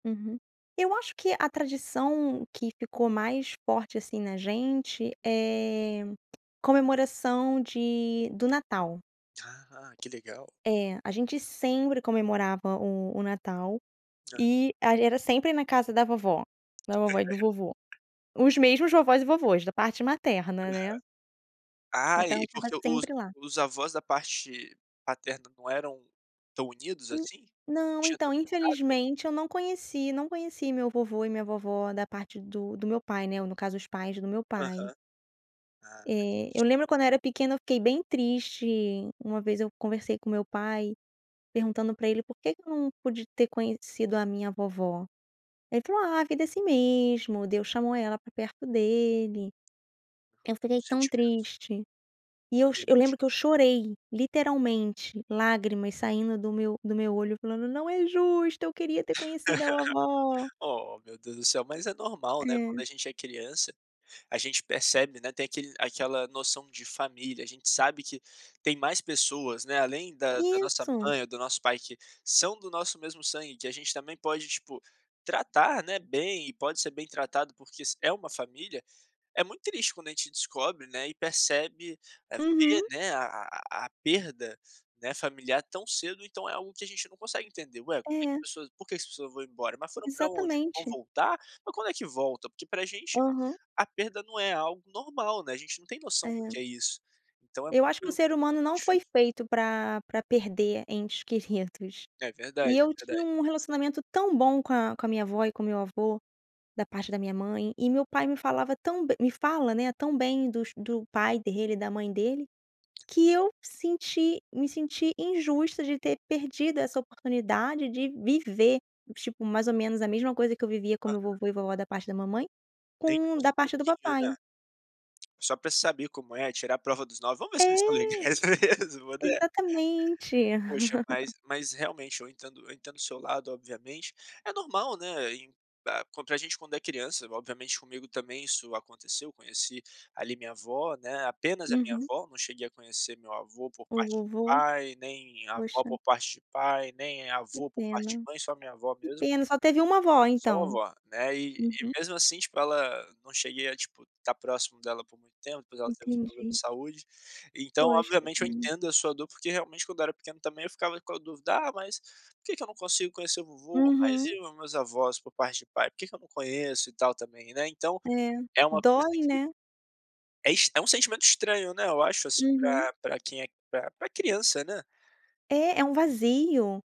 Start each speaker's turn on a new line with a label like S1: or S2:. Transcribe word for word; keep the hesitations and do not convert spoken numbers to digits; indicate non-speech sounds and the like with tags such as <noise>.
S1: Uhum, eu acho que a tradição que ficou mais forte, assim, na gente, eh, comemoração de do Natal.
S2: Ah que legal.
S1: É, a gente sempre comemorava o o Natal
S2: Hã.
S1: e ag era sempre na casa da vovó, da vovó e do vovô.
S2: <giggles>
S1: Os mesmos vovós e vovós, da parte materna,
S2: Aham.
S1: né.
S2: Ah,
S1: Então eu
S2: e e
S1: estava
S2: porque os
S1: sempre lá.
S2: os avós da parte paterna não eram tão unidos,
S1: En
S2: assim? Não
S1: não,
S2: tinham
S1: então
S2: tanto contato?
S1: infelizmente eu não conheci, não conheci meu vovô e minha vovó da parte do do meu pai, né, ou no caso os pais do meu pai.
S2: Aham. Ah
S1: Eh,
S2: entendi.
S1: eu lembro quando eu era pequena eu fiquei bem triste, uma vez eu conversei com meu pai perguntando pra ele por que que eu não pude ter conhecido a minha vovó, ele falou: "Ah, a vida é assim mesmo, Deus chamou ela pra perto dele." Eu fiquei
S2: Meus
S1: tão
S2: sentimentos.
S1: triste e eu cho
S2: Eu
S1: eu
S2: imagino.
S1: lembro que eu chorei, literalmente, lágrimas saindo do meu do meu olho, falando: "Não é justo, eu queria ter conhecido a vovó."
S2: <laughs> Oh, meu Deus do céu, mas é normal, né, quando
S1: É.
S2: a gente é criança, a gente percebe, né, tem aquele aquela noção de família, a gente sabe que tem mais pessoas, né, além da da nossa
S1: Isso.
S2: mãe ou do nosso pai que são do nosso mesmo sangue, que a gente também pode, tipo, tratar, né, bem e pode ser bem tratado porque s é uma família. É muito triste quando a gente descobre, né, e percebe vê,
S1: Uhum.
S2: né, a a a a perda, né, familiar tão cedo, então é algo que a gente não consegue entender. Ué, como é que as
S1: É.
S2: pessoas porque que as pessoas vão embora? Mas foram pra onde? Não vão
S1: Exatamente.
S2: voltar? Mas quando é que volta? Porque pra gente
S1: Aham.
S2: a perda não é algo normal, né, a gente não tem noção do que
S1: É.
S2: é isso, então é
S1: Eu acho que o
S2: muito
S1: ser humano não
S2: difícil.
S1: foi feito pra pra perder entes queridos
S2: É
S1: e
S2: verdade, é
S1: eu tinha
S2: verdade.
S1: um relacionamento tão bom com a com a minha avó e com o meu avô da parte da minha mãe e meu pai me falava tão be me fala, né, tão bem dos do pai dele e da mãe dele, que eu senti me senti injusta de ter perdido essa oportunidade de viver, tipo, mais ou menos a mesma coisa que eu vivia com meu
S2: Aham.
S1: vovô e vovó da parte da mamãe,
S2: Nem que
S1: com da
S2: fosse um
S1: parte do
S2: pouquinho, né.
S1: papai.
S2: Só pra saber como é, tirar a prova dos nove, vamos ver se eles são
S1: É.
S2: legais mesmo, né.
S1: Exatamente.
S2: Poxa, mas
S1: <chuckles>
S2: mas realmente eu entendo, eu entendo do seu lado obviamente, é normal, né, em ah co pra gente quando é criança obviamente comigo também isso aconteceu, conheci ali minha avó, né, apenas a minha
S1: Uhum.
S2: avó, não cheguei a conhecer meu avô por
S1: O
S2: parte de
S1: vovô.
S2: pai, nem avó
S1: Poxa.
S2: por parte de pai, nem
S1: Que
S2: avô por parte
S1: pena
S2: de mãe, só minha avó
S1: que
S2: mesmo.
S1: pena só teve uma vó
S2: Só
S1: então?
S2: vovó, né, e e
S1: Uhum.
S2: mesmo assim, tipo, ela não cheguei a, tipo, estar próximo dela por muito tempo por ela ter uns problemas de
S1: Entendi.
S2: saúde, então,
S1: Pois, que
S2: obviamente, eu
S1: pena.
S2: entendo a sua dor, porque realmente quando eu era pequeno também, eu ficava com a dúvida: "Ah, mas por que que eu não consigo conhecer o vovô, mas
S1: Uhum.
S2: e meus avós por parte de pai, por que que eu não conheço e tal, também, né então
S1: É,
S2: é uma coisa
S1: dói,
S2: que
S1: né?
S2: é est é um sentimento estranho, né, eu acho, assim,
S1: Uhum.
S2: pra pra quem é pra pra criança, né.
S1: É, é um vazio.